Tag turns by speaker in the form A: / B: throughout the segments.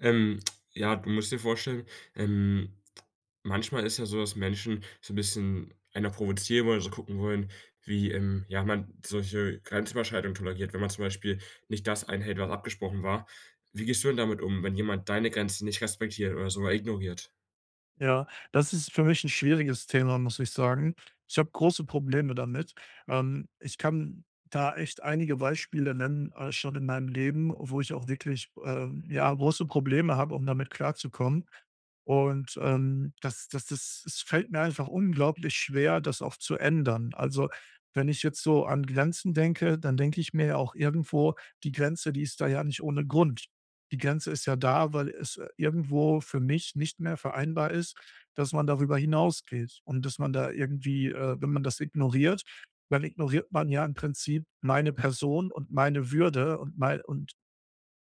A: Ähm. Ja, du musst dir vorstellen, ähm, manchmal ist ja so, dass Menschen so 'n bisschen einer provozieren wollen, so gucken wollen, wie, ähm, ja, man solche Grenzüberschreitungen toleriert, wenn man zum Beispiel nicht das einhält, was abgesprochen war. Wie gehst du denn damit um, wenn jemand deine Grenzen nicht respektiert oder sogar ignoriert?
B: Ja, das ist für mich 'n schwieriges Thema, muss ich sagen. Ich habe große Probleme damit. Ähm, ich kann da echt einige Beispiele nennen, äh, schon in meinem Leben, wo ich auch wirklich, ähm, ja, große Probleme habe, um damit klarzukommen. Und, ähm, das das das es fällt mir einfach unglaublich schwer, das auch zu ändern. Also, wenn ich jetzt so an Grenzen denke, dann denke ich mir ja auch irgendwo: „Die Grenze, die ist da ja nicht ohne Grund.“ Die Grenze ist ja da, weil es irgendwo für mich nicht mehr vereinbar ist, dass man darüber hinausgeht und dass man da irgendwie, äh, wenn man das ignoriert, dann ignoriert man ja im Prinzip meine Person und meine Würde und mei und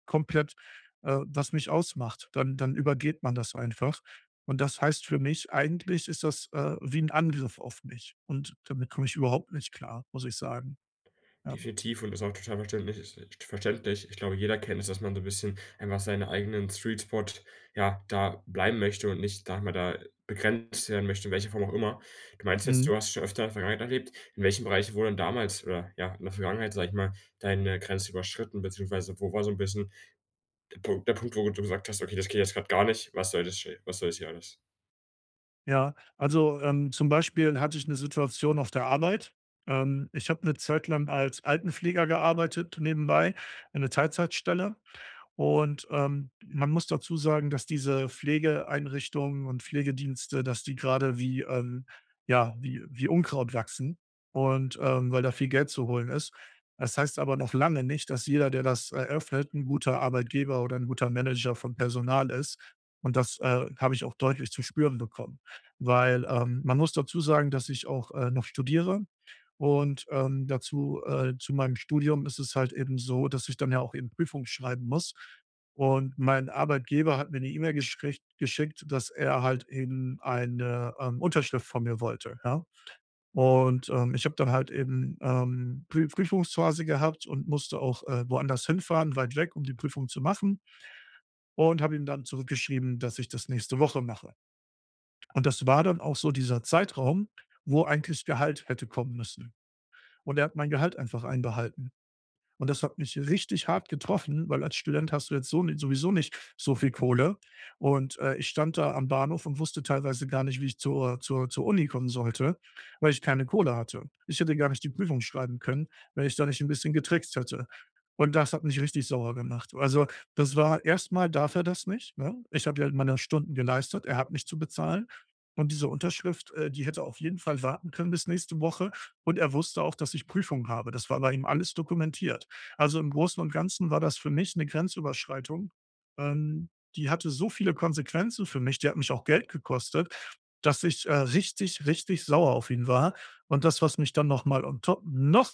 B: komplett, äh, was mich ausmacht, dann dann übergeht man das einfach. Und das heißt für mich, eigentlich ist das, äh, wie 'n Angriff auf mich und damit komme ich überhaupt nicht klar, muss ich sagen. Ja.
A: Definitiv und ist auch total verständlich es i verständlich. Ich glaube, jeder kennt es, dass man so 'n bisschen einfach seinen eigenen Sweet Spot, ja, da bleiben möchte und nicht, sage mal, da begrenzt werden möchte, in welcher Form auch immer. Du meinst jetzt
B: Mhm.
A: du hast schon öfter in der Vergangenheit erlebt. In welchem Bereich wurde denn damals, oder ja, in der Vergangenheit, sage ich mal, deine Grenze überschritten, beziehungsweise wo war so 'n bisschen der Punkt der Punkt, wo du gesagt hast: „Okay, das geht jetzt grad gar nicht. Was soll das sche was soll das hier alles?“
B: Ja, also, ähm, zum Beispiel hatte ich 'ne Situation auf der Arbeit. Ähm, ich habe 'ne Zeit lang als Altenpfleger gearbeitet nebenbei, eine Teilzeitstelle. Und, ähm, man muss dazu sagen, dass diese Pflegeeinrichtungen und Pflegedienste, dass die gerade wie, ähm ja, wie wie Unkraut wachsen und, ähm, weil da viel Geld zu holen ist. Das heißt aber noch lange nicht, dass jeder, der das eröffnet, 'n guter Arbeitgeber oder 'n guter Manager von Personal ist und das, äh, habe ich auch deutlich zu spüren bekommen, weil, ähm, man muss dazu sagen, dass ich auch, äh, noch studiere und, ähm, dazu, äh, zu meinem Studium ist es halt eben so, dass ich dann ja auch eben Prüfungen schreiben muss und mein Arbeitgeber hat mir 'ne E-Mail geschrich geschickt, dass er halt eben eine, ähm, Unterschrift von mir wollte, ja? Und, ähm, ich habe dann halt eben, ähm, Prü Prüfungsphase gehabt und musste auch, äh, woanders hinfahren, weit weg, um die Prüfung zu machen und habe ihm dann zurückgeschrieben, dass ich das nächste Woche mache. Und das war dann auch so dieser Zeitraum, wo eigentlich Gehalt hätte kommen müssen. Und er hat mein Gehalt einfach einbehalten. Und das hat mich richtig hart getroffen, weil als Student hast du jetzt so ni sowieso nicht so viel Kohle. Und, äh, ich stand da am Bahnhof und wusste teilweise gar nicht, wie ich zur zur zur Uni kommen sollte, weil ich keine Kohle hatte. Ich hätte gar nicht die Prüfung schreiben können, wenn ich da nicht 'n bisschen getrickst hätte. Und das hat mich richtig sauer gemacht. Also, das war erst mal darf er das nicht, ne? Ich habe ja halt meine Stunden geleistet, er hat mich zu bezahlen. Und diese Unterschrift, äh, die hätte auf jeden Fall warten können bis nächste Woche und er wusste auch, dass ich Prüfungen habe. Das war bei ihm alles dokumentiert. Also, im Großen und Ganzen war das für mich 'ne Grenzüberschreitung. Ähm, die hatte so viele Konsequenzen für mich, die hat mich auch Geld gekostet, dass ich, äh, richtig, richtig sauer auf ihn war und das, was mich dann noch mal on top noch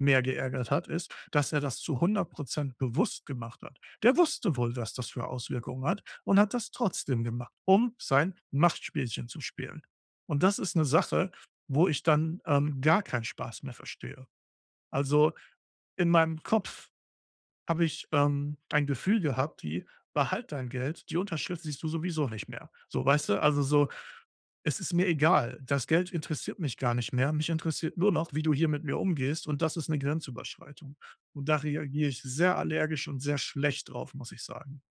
B: mehr geärgert hat, ist, dass er das zu 100 % bewusst gemacht hat. Der wusste wohl, was das für Auswirkungen hat und hat das trotzdem gemacht, um sein Machtspielchen zu spielen. Und das ist 'ne Sache, wo ich dann, ähm, gar keinen Spaß mehr verstehe. Also, in meinem Kopf habe ich, ähm, ein Gefühl gehabt, die behalt dein Geld, die Unterschrift siehst du sowieso nicht mehr. So, weißt du? Also, so: „Es ist mir egal. Das Geld interessiert mich gar nicht mehr. Mich interessiert nur noch, wie du hier mit mir umgehst und das ist 'ne Grenzüberschreitung“. Und da reagiere ich sehr allergisch und sehr schlecht drauf, muss ich sagen.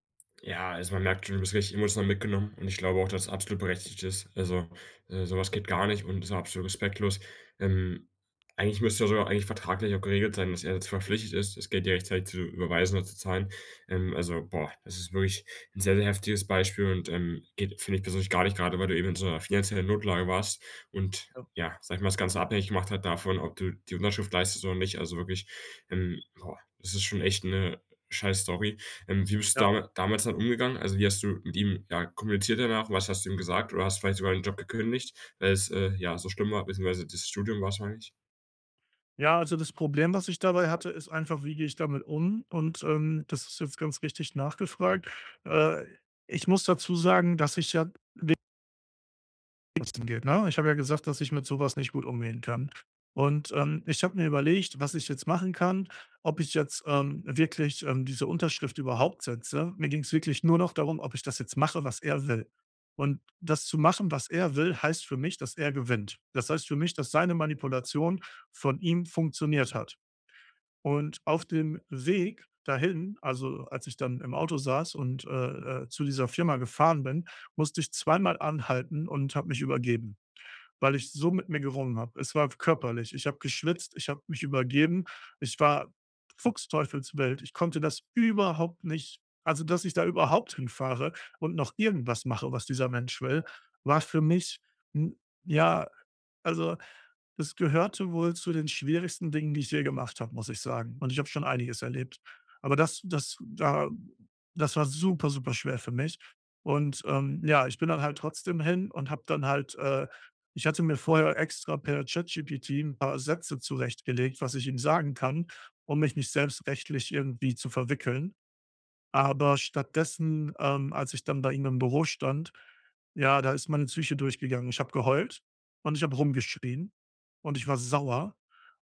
A: Ja, also, man merkt schon, du bist richtig emotional mitgenommen und ich glaube auch, dass absolut berechtigt ist. Also, äh, so was
B: Ja.
A: geht gar nicht und ist absolut respektlos. Ähm, eigentlich müsste doch sogar eigentlich vertraglich auch geregelt sein, dass er jetzt verpflichtet ist das Geld dir rechtzeitig zu überweisen oder zu zahlen. Ähm, also, boah, das ist wirklich 'n sehr, sehr heftiges Beispiel und, ähm, geht, finde ich persönlich gar nicht, grade weil du eben in so 'ner finanziellen Notlage warst und
B: Ja.
A: ja, sage ich mal, das Ganze abhängig gemacht hat davon, ob du die Unterschrift leistet oder nicht. Also, wirklich, ähm, boah, es ist schon echt 'ne scheiß-Story. Ähm, wie bist du
B: Ja.
A: damit damals halt umgegangen? Also, wie hast du mit ihm, ja, kommuniziert danach? Was hast du ihm gesagt? Oder hast vielleicht sogar den Job gekündigt, weil es, äh, ja, so schlimm war, beziehungsweise dieses Studium wahrscheinlich?
B: Ja, also, das Problem was ich dabei hatte, ist einfach wie gehe ich damit um? Und, ähm, das ist jetzt ganz richtig nachgefragt, äh ich muss dazu sagen, dass ich ja de [unintelligible] ne, ich habe ja gesagt, dass ich mit so was nicht gut umgehen kann. Und, ähm, ich habe mir überlegt, was ich jetzt machen kann, ob ich jetzt, ähm, wirklich, ähm, diese Unterschrift überhaupt setze. Mir ging's wirklich nur noch darum, ob ich das jetzt mache was er will. Und, das zu machen was er will, heißt für mich, dass er gewinnt. Das heißt für mich, dass seine Manipulation von ihm funktioniert hat. Und, auf dem Weg dahin, also, als ich dann im Auto saß und, äh, äh zu dieser Firma gefahren bin, musste ich 2-mal anhalten und habe mich übergeben, weil ich so mit mir gerungen habe. Es war körperlich. Ich habe geschwitzt, ich habe mich übergeben, ich war fuchsteufelswild. Ich konnte das überhaupt nicht also, dass ich da überhaupt hinfahre und noch irgendwas mache was dieser Mensch will, war für mich ‘n, ja also, es gehörte wohl zu den schwierigsten Dingen die ich je gemacht habe muss ich sagen. Und, ich habe schon einiges erlebt. Aber das das da das war super super schwer für mich. Und, ähm, ja, ich bin dann halt trotzdem hin und habe dann halt, äh ich hatte mir vorher extra per ChatGPT ‘n paar Sätze zurechtgelegt was ich ihm sagen kann, um mich nicht selbst rechtlich irgendwie zu verwickeln. Aber, stattdessen, ähm, als ich dann bei ihm im Büro stand, ja, da ist meine Psyche durchgegangen. Ich habe geheult und ich habe rumgeschrien. Und, ich war sauer.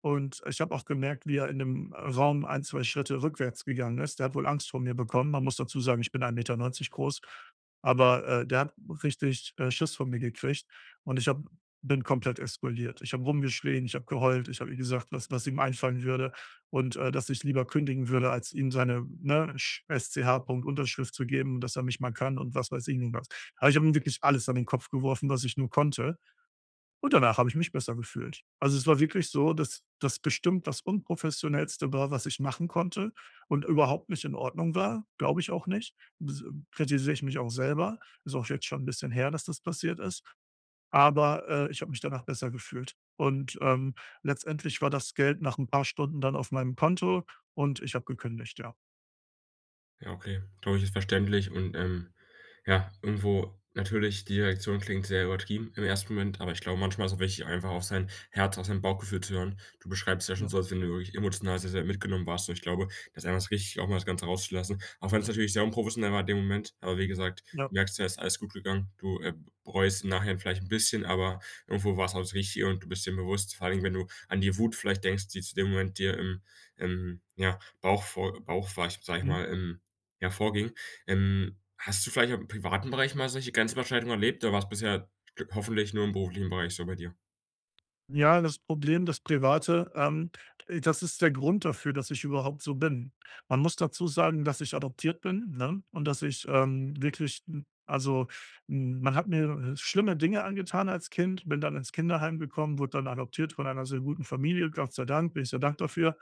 B: Und, ich habe auch gemerkt, wie er in dem, äh, Raum ein, 2 Schritte rückwärts gegangen ist. Der hat wohl Angst vor mir bekommen. Man muss dazu sagen, ich bin 1,90 m groß, aber, äh der hat richtig, äh, Schiss vor mir gekriegt und ich habe bin komplett explodiert. Ich habe rumgeschrien, ich habe geheult, ich habe ihm gesagt, was was ihm einfallen würde und, äh, dass ich lieber kündigen würde als ihm seine, ne, Sch S C H Punkt Unterschrift zu geben und dass er mich mal kann, und was weiß ich nicht was. Aber, ich habe ihm wirklich alles an den Kopf geworfen was ich nur konnte und danach habe ich mich besser gefühlt. Also, es war wirklich so, dass das bestimmt das Unprofessionellste war, was ich machen konnte und überhaupt nicht in Ordnung war, glaube ich auch nicht. Bs m kritisiere ich mich auch selber, ist auch jetzt schon ‘n bisschen her, dass das passiert ist. Aber, äh, ich habe mich danach besser gefühlt. Und, ähm, letztendlich war das Geld nach ‘n paar Stunden dann auf meinem Konto und ich habe gekündigt, ja.
A: Ja, okay, glaube ich, ist verständlich und, ähm, ja, irgendwo, natürlich, die Reaktion klingt sehr übertrieben im 1. Moment, aber ich glaube, manchmal ist's auch wichtig, einfach auf sein Herz, auf sein Bauchgefühl zu hören. Du beschreibst es ja schon
B: Ja.
A: so, als wenn du wirklich emotional sehr, sehr mitgenommen warst. Und ich glaube, das ist einfach richtig, auch mal das Ganze rauszulassen. Auch wenn's natürlich sehr unprofessionell war in dem Moment, aber wie gesagt,
B: Ja.
A: du merkst ja, ist alles gut gegangen. Du, äh, bereust's im Nachhinein vielleicht 'n bisschen, aber irgendwo war's auch das Richtige und du bist dir bewusst. Vor allen Dingen, wenn du an die Wut vielleicht denkst, die zu dem Moment dir im im, ja, Bauch vor Bauch, [unintelligible] sage ich
B: Mhm.
A: mal, ähm, ja, vorging. Ähm, hast du vielleicht auch im privaten Bereich mal solche Grenzüberschreitungen erlebt? Oder war's bisher hoffentlich nur im beruflichen Bereich so bei dir?
B: Ja, das Problem, das Private, ähm, das ist der Grund dafür, dass ich überhaupt so bin. Man muss dazu sagen, dass ich adoptiert bin, ne, und dass ich, ähm, wirklich 'n also, hm, man hat mir, äh, schlimme Dinge angetan als Kind, bin dann ins Kinderheim gekommen, wurde dann adoptiert von einer sehr guten Familie. Gott sei Dank, bin ich sehr dankbar für.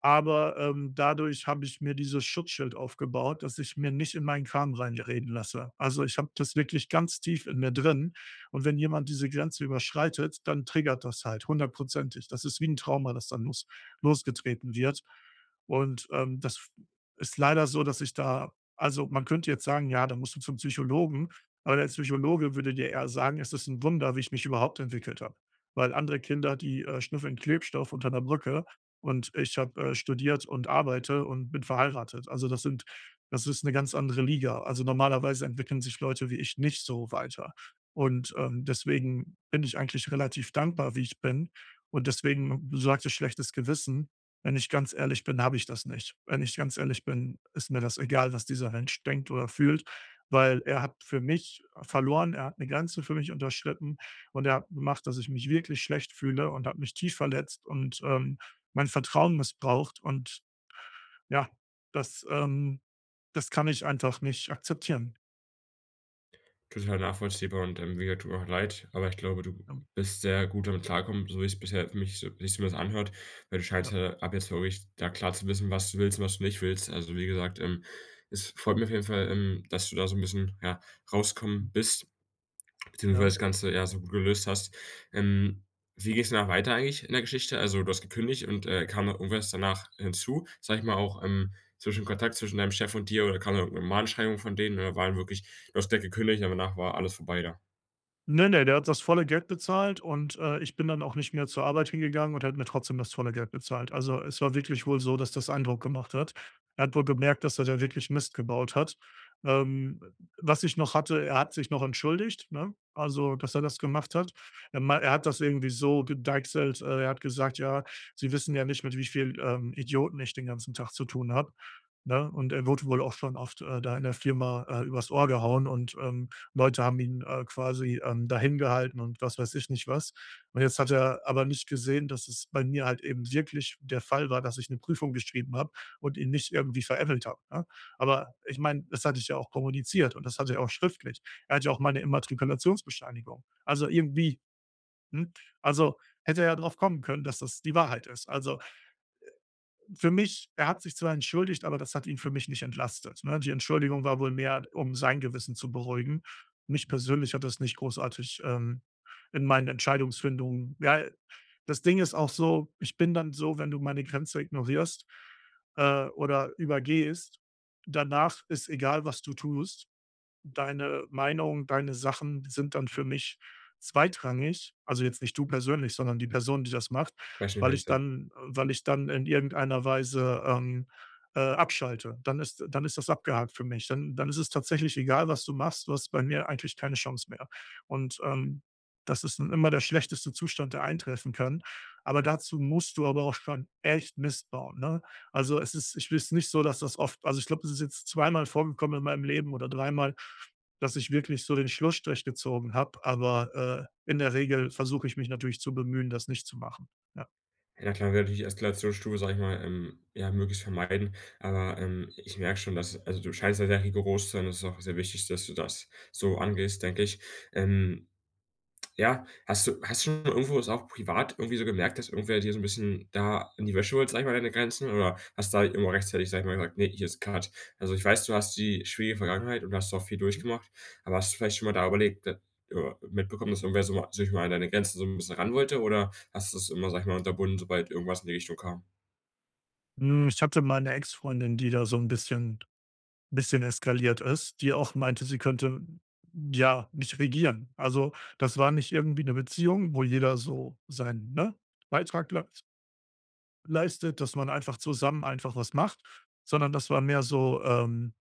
B: Aber, ähm, dadurch habe ich mir dieses Schutzschild aufgebaut, dass ich mir nicht in meinen Kram reinreden lasse. Also, ich habe das wirklich ganz tief in mir drin. Und wenn jemand diese Grenze überschreitet, dann triggert das halt hundertprozentig. Das ist wie 'n Trauma, das dann los losgetreten wird. Und, ähm, das f ist leider so, dass ich da Also, man könnte jetzt sagen: „Ja, da musst du zum Psychologen.“ Aber der Psychologe würde dir eher sagen, es ist 'n Wunder, wie ich mich überhaupt entwickelt habe. Weil andere Kinder, die, äh, schnüffeln Klebstoff unter 'ner Brücke, und ich habe, äh, studiert und arbeite und bin verheiratet. Also, das sind das ist 'ne ganz andere Liga. Also, normalerweise entwickeln sich Leute wie ich nicht so weiter. Und, ähm, deswegen bin ich eigentlich relativ dankbar, wie ich bin. Und deswegen Du sagtest: „schlechtes Gewissen.“ Wenn ich ganz ehrlich bin, habe ich das nicht. Wenn ich ganz ehrlich bin, ist mir das egal, was dieser Mensch denkt oder fühlt, weil er hat für mich verloren, er hat 'ne Grenze für mich unterschritten und er hat macht, dass ich mich wirklich schlecht fühle und hat mich tief verletzt und, ähm, mein Vertrauen missbraucht und, ja, das, ähm, das kann ich einfach nicht akzeptieren.
A: Total nachvollziehbar und, ähm, mir tut auch leid, aber ich glaube, du
B: Ja.
A: bist sehr gut damit klargekommen, so wie's bisher für mich so wie sich's zumindest anhört. Weil du scheinst
B: Ja.
A: ja, ab jetzt wirklich da klar zu wissen, was du willst und was du nicht willst. Also, wie gesagt, ähm, es freut mich auf jeden Fall, ähm, dass du da so 'n bisschen, ja, rauskommen bist, beziehungsweise
B: Ja.
A: das Ganze, ja, so gut gelöst hast. Ähm, wie geht's danach weiter eigentlich in der Geschichte? Also, du hast gekündigt und, äh, kam dann irgendwas danach hinzu, sage ich mal, auch, ähm, zwischen Kontakt zwischen deinem Chef und dir oder kam dann irgendein Mahnschreibung von denen oder war dann wirklich du hast da gekündigt und danach war alles vorbei da?
B: Ne, ne, der hat das volle Geld bezahlt und, äh, ich bin dann auch nicht mehr zur Arbeit hingegangen und er hat mir trotzdem das volle Geld bezahlt. Also, es war wirklich wohl so, dass das Eindruck gemacht hat. Er hat wohl gemerkt, dass er da wirklich Mist gebaut hat. Ähm, w was ich noch hatte, er hat sich noch entschuldigt, ne? Also, dass er das gemacht hat. Er mei er hat das irgendwie so gedeichselt, äh, er hat gesagt: „Ja, Sie wissen ja nicht, mit wie viel, ähm, Idioten ich den ganzen Tag zu tun habe“, ne? Und er wurde wohl auch schon oft, äh, da in der Firma, äh, übers Ohr gehauen und, ähm, Leute haben ihn, äh, quasi, ähm, da hin gehalten und was weiß ich nicht was. Und jetzt hat er aber nicht gesehen, dass es bei mir halt eben wirklich der Fall war, dass ich 'ne Prüfung geschrieben habe und ihn nicht irgendwie veräppelt habe, ne? Aber ich meine, das hatte ich ja auch kommuniziert und das hatte er auch schriftlich. Er hatte ja auch meine Immatrikulationsbescheinigung. Also, irgendwie, hm, also, hätte er darauf kommen können, dass das die Wahrheit ist. Also, äh, für mich er hat sich zwar entschuldigt, aber das hat ihn für mich nicht entlastet, ne? Die Entschuldigung war wohl mehr, um sein Gewissen zu beruhigen. Mich persönlich hat das nicht großartig, ähm, in meinen Entscheidungsfindung ja, das Ding ist auch so, ich bin dann so, wenn du meine Grenze ignorierst, äh, oder übergehst, danach ist egal, was du tust. Deine Meinung, deine Sachen sind dann für mich zweitrangig. Also, jetzt nicht du persönlich, sondern die Person, die das macht, weil ich
A: Beispielsweise.
B: dann weil ich dann in irgendeiner Weise, ähm, äh, abschalte. Dann ist dann ist das abgehakt für mich. Dann dann ist es tatsächlich egal, was du machst, du hast bei mir eigentlich keine Chance mehr. Und, ähm, das ist dann immer der schlechteste Zustand, der eintreffen kann, aber dazu musst du aber auch schon echt Mist bauen, ne? Also, es ist ich bin jetzt nicht so, dass das oft also, ich glaube, es ist jetzt 2 Mal vorgekommen in meinem Leben oder 3 Mal, dass ich wirklich so den Schlussstrich gezogen habe, aber, äh, in der Regel versuche ich mich natürlich zu bemühen, das nicht zu machen. Ja.
A: Ja, na klar, will natürlich die Eskalationsstufe, sage ich mal, ähm, ja, möglichst vermeiden. Aber, ähm, ich merke schon, dass also, du scheinst da sehr rigoros zu sein und das ist auch sehr wichtig, dass du das so angehst, denke ich. Ähm. Ja, hast du hast du schon irgendwo es auch privat irgendwie so gemerkt, dass irgendwer dir so 'n bisschen da an die Wäsche wollte, sage ich mal, an deine Grenzen? Oder hast da irgendwo rechtzeitig gesagt:„ [unintelligible] Ne, hier ist cut.“ Also, ich weiß, du hast die schwierige Vergangenheit und hast auch viel
B: Hm.
A: durchgemacht. Aber hast du vielleicht schon mal da überlegt, d ja mitbekommen, dass irgendwer so mal sich mal an deine Grenzen so 'n bisschen ran wollte? Oder hast du's immer, sage ich mal, unterbunden, sobald irgendwas in die Richtung kam?
B: Mhm, ich hatte mal 'ne Ex Freundin, die da so 'n bisschen 'n bisschen eskaliert ist, die auch meinte, sie könnte, ja, mich regieren. Also, das war nicht irgendwie 'ne Beziehung, wo jeder so seinen, ne, Beitrag leis leistet, dass man einfach zusammen einfach was macht, sondern das war mehr so, ähm,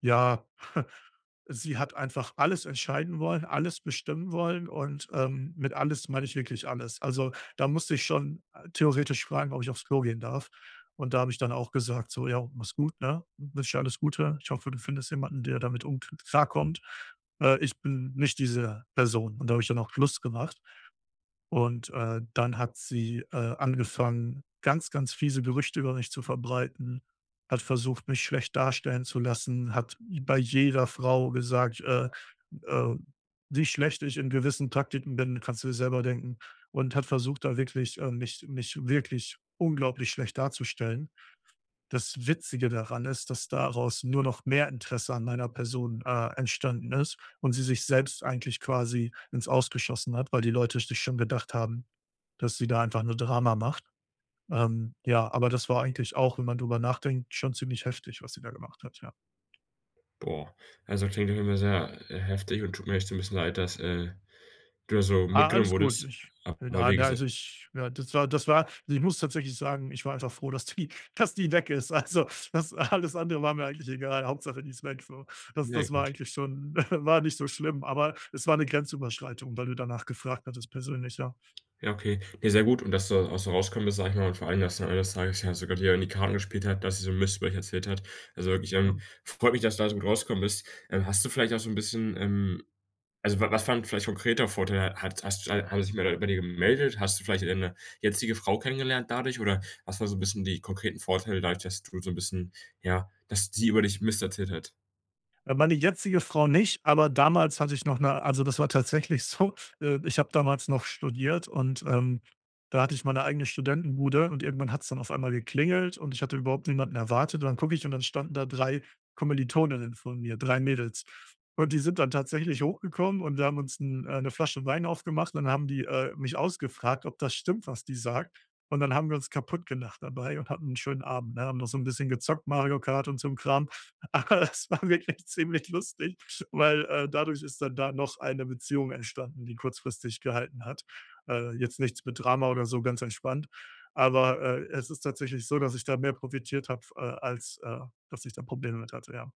B: ja, sie hat einfach alles entscheiden wollen, alles bestimmen wollen und, ähm, mit alles meine ich wirklich alles. Also, da musste ich schon theoretisch fragen, „ob ich aufs Klo gehen darf“. Und da habe ich dann auch gesagt so: „Ja, mach's gut, ne? Ich wünsche dir alles Gute. Ich hoffe, du findest jemanden, der damit um k klarkommt. Äh, ich bin nicht diese Person“ und da habe ich dann auch Schluss gemacht und, äh, dann hat sie, äh, angefangen, ganz, ganz fiese Gerüchte über mich zu verbreiten, hat versucht, mich schlecht darstellen zu lassen, hat bei jeder Frau gesagt, äh äh, wie schlecht ich in gewissen Praktiken bin, kannst du dir selber denken und hat versucht, da wirklich, äh, mich mich wirklich unglaublich schlecht darzustellen. Das Witzige daran ist, dass daraus nur noch mehr Interesse an meiner Person, äh, entstanden ist und sie sich selbst eigentlich quasi ins Aus geschossen hat, weil die Leute sich schon gedacht haben, dass sie da einfach nur Drama macht. Ähm, ja, aber das war eigentlich auch, wenn man darüber nachdenkt, schon ziemlich heftig, was sie da gemacht hat, ja.
A: Boah. Also, klingt auf jeden Fall sehr, äh, heftig und tut mir echt so 'n bisschen leid, dass, äh, du so
B: Ah,
A: mitgenommen
B: alles gut,
A: wurdest,
B: ich
A: aber
B: na
A: wie
B: na,
A: gesa
B: also, ich ja, das war das war also, ich muss tatsächlich sagen, ich war einfach froh, dass die dass die weg ist. Also, das alles andere war mir eigentlich egal, Hauptsache, die ist weg, so. Das
A: Ne
B: das war
A: gut.
B: eigentlich schon war nicht so schlimm, aber es war 'ne Grenzüberschreitung, weil du danach gefragt hattest persönlich, ja.
A: Ja, okay. Ne, sehr gut. Und dass du auch so rauskommen bist, sage ich mal, und vor allem, dass am Ende des Tages ja sogar die, ähm, die Karten gespielt hat, dass sie so' n Mist über euch erzählt hat. Also, ich, ähm,
B: Ja.
A: freut mich, dass du da so gut rausgekommen bist. Ähm, hast du vielleicht auch so 'n bisschen, ähm also, wa was war 'n vielleicht konkreter Vorteil? Hat hast hat sich wer bei dir gemeldet? Hast du vielleicht deine jetzige Frau kennengelernt dadurch oder was war so 'n bisschen die konkreten Vorteile, dadurch, dass du so 'n bisschen ja ,dass sie über dich Mist erzählt hat?
B: Äh, meine jetzige Frau nicht, aber damals hatte ich noch 'ne also, das war tatsächlich so, äh, ich habe damals noch studiert und, ähm, da hatte ich meine eigene Studentenbude und irgendwann hat's dann auf einmal geklingelt und ich hatte überhaupt niemanden erwartet und dann gucke ich und dann standen da 3 Kommilitoninnen von mir, 3 Mädels. Und die sind dann tatsächlich hochgekommen und wir haben uns 'n äh, 'ne Flasche Wein aufgemacht und dann haben die, äh, mich ausgefragt, ob das stimmt, was die sagt. Und dann haben wir uns kaputtgelacht dabei und hatten 'n schönen Abend, ne? Haben noch so 'n bisschen gezockt Mario Kart und so' n Kram. Aber das war wirklich ziemlich lustig, weil, äh, dadurch ist dann da noch eine Beziehung entstanden, die kurzfristig gehalten hat. Äh, jetzt nichts mit Drama oder so, ganz entspannt. Aber, äh, es ist tatsächlich so, dass ich da mehr profitiert habe, äh, als, äh, dass ich da Probleme mit hatte, ja.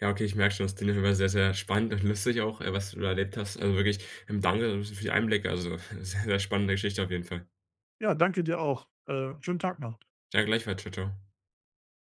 A: Ja, okay, ich merke schon, das Thema war sehr, sehr spannend und lustig auch, äh, was du da erlebt hast, also, wirklich, ähm, danke, so für die Einblicke, also, sehr, sehr spannende Geschichte auf jeden Fall.
B: Ja, danke dir auch. Äh, schönen Tag noch.
A: Ja, gleichfalls. Tschau, tschau.